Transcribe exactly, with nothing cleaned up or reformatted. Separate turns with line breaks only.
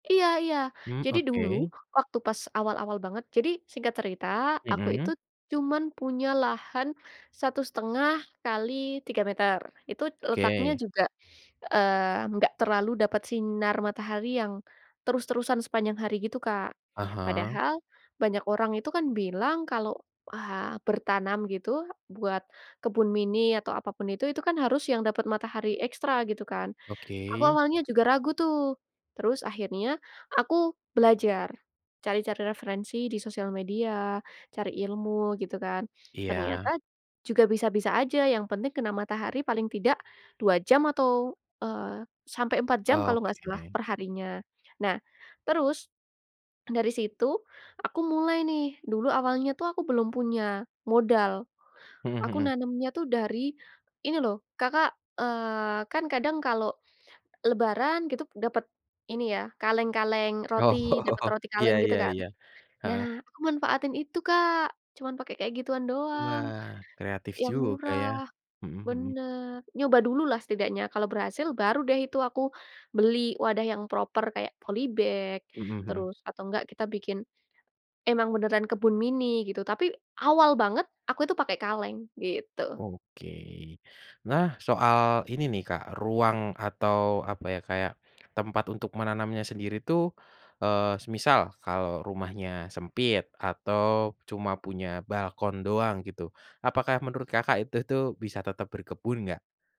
Iya iya,
Mmm,
jadi dulu
oke.
waktu pas awal-awal banget jadi singkat cerita aku itu,
Mhm.
cuman punya lahan, satu setengah kali tiga meter itu letaknya
Oke.
juga, eee, enggak terlalu dapat sinar matahari yang, terus-terusan sepanjang hari gitu Kak.
Ah hah.
Padahal banyak orang itu kan bilang kalau, wah, bertanam gitu buat kebun mini atau apa pun itu, itu kan harus yang dapat matahari ekstra gitu kan, aku
Oke.
awalnya juga ragu tuh, terus akhirnya aku belajar, cari-cari referensi di sosial media, cari ilmu gitu kan. Ternyata,
Iya.
juga bisa-bisa aja yang penting kena matahari paling tidak, dua jam atau, eee, sampai empat jam kalau nggak salah
Oke.
per harinya. Nah, terus, dari situ aku mulai nih dulu awalnya tuh aku belum punya modal.
Mhm
Aku
mhm.
nanamnya tuh dari, ini loh Kakak, eee, kan kadang kalau, lebaran gitu dapet, ini ya kaleng-kaleng
Oh,
roti dapet roti
iya
kaleng gitu
iya
kan.
iya, heeh.
Nah, aku manfaatin itu Kak cuman pakai kayak gituan doang,
Wah, kreatif
yang
juga ya,
murah
mhm mhm.
bener, nyoba dululah setidaknya kalau berhasil baru deh itu aku, beli wadah yang proper kayak poly bag,
Mhm mhm.
terus atau enggak kita bikin, emang beneran kebun mini gitu tapi awal banget aku itu pakai kaleng gitu.
Oke, nah, soal ini nih Kak ruang atau apa ya kayak, tempat untuk menanamnya sendiri tuh, eee, semisal kalau rumahnya sempit atau cuma punya balkon doang gitu, apakah menurut Kakak itu tuh bisa tetap berkebun nggak?